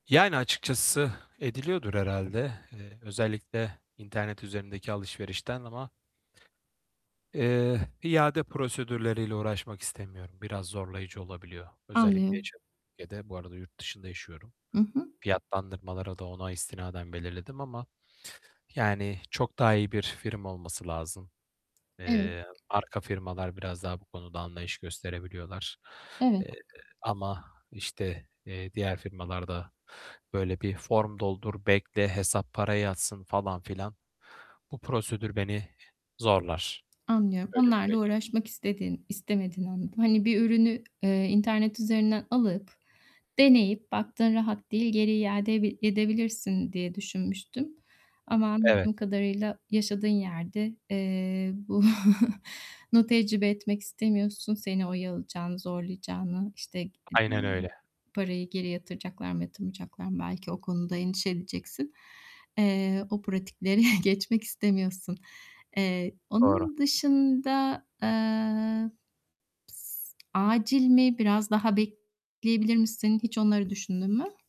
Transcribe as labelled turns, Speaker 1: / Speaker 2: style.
Speaker 1: Yani, açıkçası ediliyordur herhâlde. Eee, özellikle internet üzerindeki alışverişten ama eee, iade prosedürleriyle uğraşmak istemiyorum. Biraz zorlayıcı olabiliyor, özellikle
Speaker 2: Anlıyorum.
Speaker 1: yaşadığım ülkede. Bu arada yurt dışında yaşıyorum.
Speaker 2: I hı.
Speaker 1: Fiyatlandırmaları da ona istinaden belirledim ama, yani, çok daha iyi bir firma olması lazım.
Speaker 2: Evet.
Speaker 1: Eee, arka firmalar biraz daha bu konuda anlayış gösterebiliyorlar,
Speaker 2: Evet.
Speaker 1: eee, ama, işte, eee, diğer firmalarda böyle bir form doldur, bekle, hesap, para yatsın falan filan. Bu prosedür beni zorlar,
Speaker 2: Anlıyorum.
Speaker 1: öyle
Speaker 2: Onlarla
Speaker 1: söyleyeyim.
Speaker 2: uğraşmak istedin istemediğini anladım. Hani, bir ürünü, ııı, internet üzerinden alıp, deneyip, baktın rahat değil, geri iade bi edebilirsin diye düşünmüştüm. Ama
Speaker 1: Evet.
Speaker 2: anladığım kadarıyla yaşadığın yerde, eee, bu nu tecrübe etmek istemiyorsun seni oyalayacağını, zorlayacağını, işte, ııı,
Speaker 1: Aynen öyle.
Speaker 2: parayı geri yatıracaklar mı yatırmayacaklar mı, belki o konuda endişe edeceksin. Eee, o pratiklere geçmek istemiyorsun. Eee,
Speaker 1: Doğru.
Speaker 2: onun dışında, eee, s Acil mi biraz daha bekleyebilir misin, hiç onları düşündün mü?